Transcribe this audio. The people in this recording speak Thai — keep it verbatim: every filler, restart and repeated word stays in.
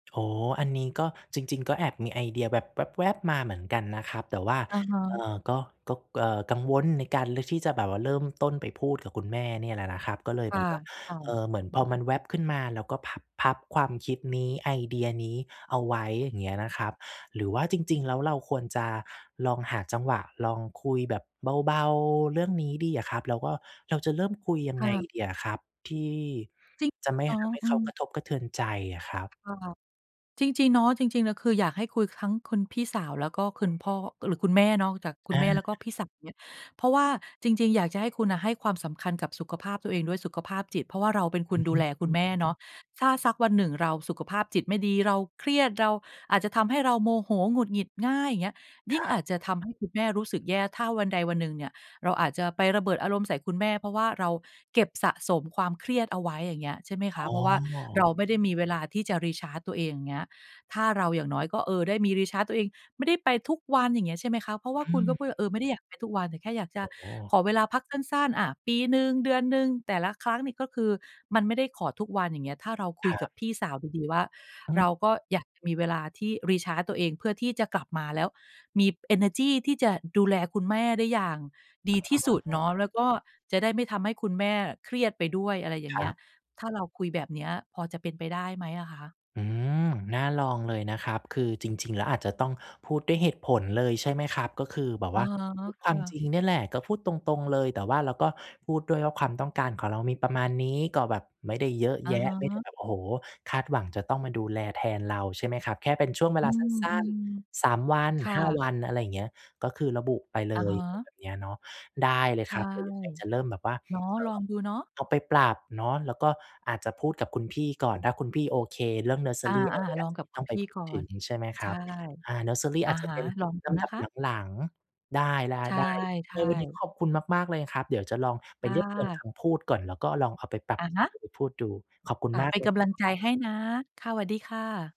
โอ้โฮ อันนี้ก็จริง ๆ ก็แอบมีไอเดียแบบแวบ ๆ มาเหมือนกันนะครับ แต่ว่า อะฮเอ่ะ อ ก็ ก็ ก เอ่อ กังวลในการเลือกที่จะแบบว่าเริ่มต้นไปพูดกับคุณแม่เนี่ยแหละนะครับ ก็เลยคแ่บะ บว่า ค่ะ เอ่อ เหมือนพอมันแวบขึ้นมา แล้วก็พับ พับความคิดนี้ ไอเดียนี้เอาไว้ อย่างเงี้ยนะครับ หรือว่าจริง ๆ แล้วเราควรจะลองหาจังหวะลองคุยแบบเบา ๆ เรื่องนี้ดีอะครับ แล้วก็เราจะเริ่มคุยยัคงไ่งะ ดีอะครับ? ที่ จริงจะไม่เหรอ ทำให้อืเขากม ระทบกระเทือนใจอะครับ? ค่ะ จริง ๆ เนาะ จริง ๆ อะ คืออยากให้คุยคั้ง คุณพี่สาว แล้วก็คุณพ่อ หรือคุณแม่เนาะ จากคุอณแา ม่ แล้วก็พี่สาวเนี่ย เพราะว่าจริง ๆ อยากจะให้คุณอะ ให้ความสำคัญกับสุขภาพตัวเองด้วย สุขภาพจิต เพราะเราเป็นคอืนอดฮูึ แลคอุืณม แม่เนาะ ถ้าสักวันหนึ่งเราสุขภาพจิตไม่ดี เราเครียด เราอาจจะทำให้เราโมโหหงุดหงิดง่าย อย่างเงี้ย ยคิ่รงัอบ าจจะทำให้คุณแม่รู้สึกแย่ ถ้าวันใดวันหนึ่งเนี่ย เราอาจจะไประเบิดอารมณ์ใส่คุณแม่ เพราะว่าเราเก็บสะสมความเครียดเอาไว้ อย่างเงี้ย ใช่ไหมคอะ ๋เอ พราะว่าเราไม่ได้มีเวลาที่จะ Recharge ตัวเอง อย่างเงี้ย ถ้าเราอย่างน้อยก็ เออ ได้มี Recharge ตัวเอง ไม่ได้ไปทุกวัน อย่างเงี้ย ใช่ไหมคะ? เพราะว่าอืคุณก็ม พูดว่า เออ ไม่ได้อยากไปทุกวัน แต่แค่อยากจโอะ้โฮ ขอเวลาพักสั้น ๆ อะ ปีหนึ่ง เดือนหนึ่ง แต่ละครั้งนี่ก็คือมันไม่ได้ขอทุกวัน อย่างเงี้ย ถ้าเราคุคยรกัับ บพี่สาวดี ๆ ว่า อเืรม าก็อยากจะมีเวลาที่ Recharge ตัวเอง เพื่อที่จะกลับมาแล้วมีเอเนอร์จีที่จะดูแลคุณแม่ได้อย่างดีที่สุดอ๋เนอ าะ แล้วก็จะได้ไม่ทำให้คุณแม่เครียดไปด้วย อะไรอย่าคงเรงี้ับ ย ถ้าเราคุยแบบเนี้ยพอจะเป็นไปได้ไหมอะคะ? อืม น่าลองเลยนะครับ คือจริง ๆ แล้วอาจจะต้องพูดด้วยเหตุผลเลย ใช่ไหมครับ? ก็คือแบบอะว่าฮะ พูดคคว่ามะ จริงเนี่ยแหละ ก็พูดตรง ๆ เลย แต่ว่าเราก็พูดด้วยว่า ความต้องการของเรามีประมาณนี้ ก็แบบไม่ได้เยอะอะแยะ ฮไม่ได้ะ แบบ โอ้โฮ คาดหวังจะต้องมาดูแลแทนเรา ใช่ไหมครับ แค่เป็นช่วงเวอืลาสั้น ม ๆ สามวัน ๆ ค่ห้าะ วัน อะไรอย่างเงี้ย ก็คือระบุไปเลอะย ฮอะไระ แบบเนี้ยเนาะ ได้เลยใชค่ รับ เดี๋ยวยังไงจะเริ่มแบบว่า เนาะ เอ่ลออ งดูเนาะ เอาไปปรับเนาะ แล้วก็อาจจะพูดกับคุณพี่ก่อน ถ้าคุณพี่โอเค เรื่องเนิร์สเซออ่า รี ไอร่า เงี้ลย องจะกับคตุ้อณงไพปี่พูดก่อถึน งใช่ไหมคใชรั่ บ? อ่า เนิร์สเซอรีออะาจจะฮะ เป็นลองดลูนำดะับคะ หลัง ๆ ได้ ใชๆ ๆ ใน่ วันนี้ๆ ขอบคุณมาก ๆ เลยครับ เดี๋ยวจะลองไปค่เรียบเรียงคะ ำพูดก่อน แล้วก็ลองเอาไปปรัอบะใชฮ้ ะ ไปพูดดู ขอบคุณอ่า มาเปก็เนลกยำลังใจครับ ให้นะ ค่ะ สวัสดีค่ะ